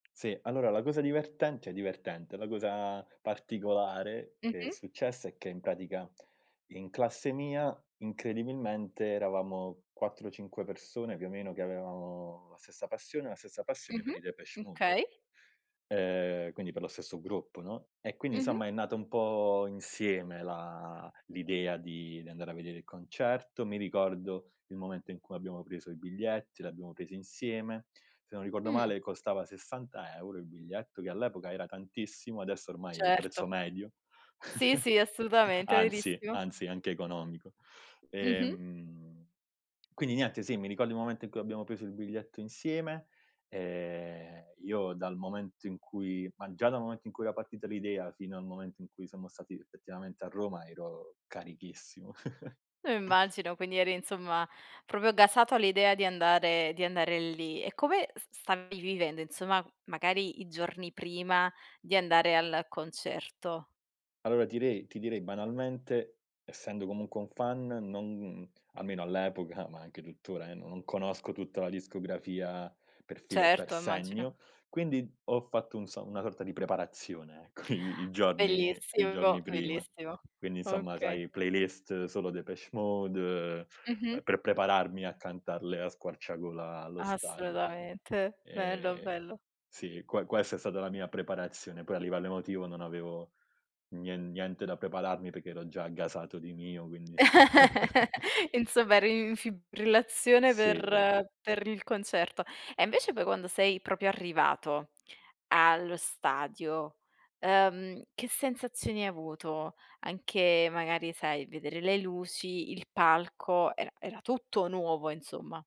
Sì, allora la cosa divertent cioè divertente, la cosa particolare che è Mh-mh. successa è che in pratica in classe mia incredibilmente eravamo 4, 5 persone più o meno che avevamo la stessa passione la stessa passione Mh-mh. per i Depeche Mode. Okay. Ehm, quindi per lo stesso gruppo, no, e quindi Mh-mh. insomma è nata un po' insieme la l'idea di di andare a vedere il concerto. Mi ricordo il momento in cui abbiamo preso i biglietti, l'abbiamo presi insieme. Se non ricordo Mh. male costava 60 € il biglietto che all'epoca era tantissimo, adesso ormai è il Certo. prezzo medio, Sì, sì, assolutamente, è anzi verissimo. anzi anche economico, Mh-mh. ehm, quindi niente sì, ricordo il momento in cui abbiamo preso il biglietto insieme, ehm, io dal momento in cui ma già dal momento in cui era partita l'idea fino al momento in cui siamo stati effettivamente a Roma ero carichissimo. Lo immagino, quindi eri insomma proprio gasato all'idea di andare di andare lì. E come s stavi vivendo insomma magari i giorni prima di andare al concerto? Allora tirei ti direi ti direi banalmente essendo comunque un fan non almeno all'epoca, ma anche tuttora eh, no non conosco tutta la discografia per filo e per Certo, immagino. segno, quindi ho fatto un so una sorta di preparazione ecco i i giorni i Bellissimo, giorni prima. bellissimo. Quindi insomma Okay. sai playlist solo Depeche Mode, Mh-mh. ehm, per prepararmi a cantarle a squarciagola allo stadio, no, Assolutamente, bello, ehm bello. sì que questa è stata la mia preparazione. Poi a livello emotivo non avevo nien niente da prepararmi perché ero già gasato di mio, quindi insomma. Insomma, eri in fibrillazione Sì. per per il concerto. E invece poi quando sei proprio arrivato allo stadio, ehm, che sensazioni hai avuto? Anche magari sai vedere le luci, il palco, era era tutto nuovo insomma.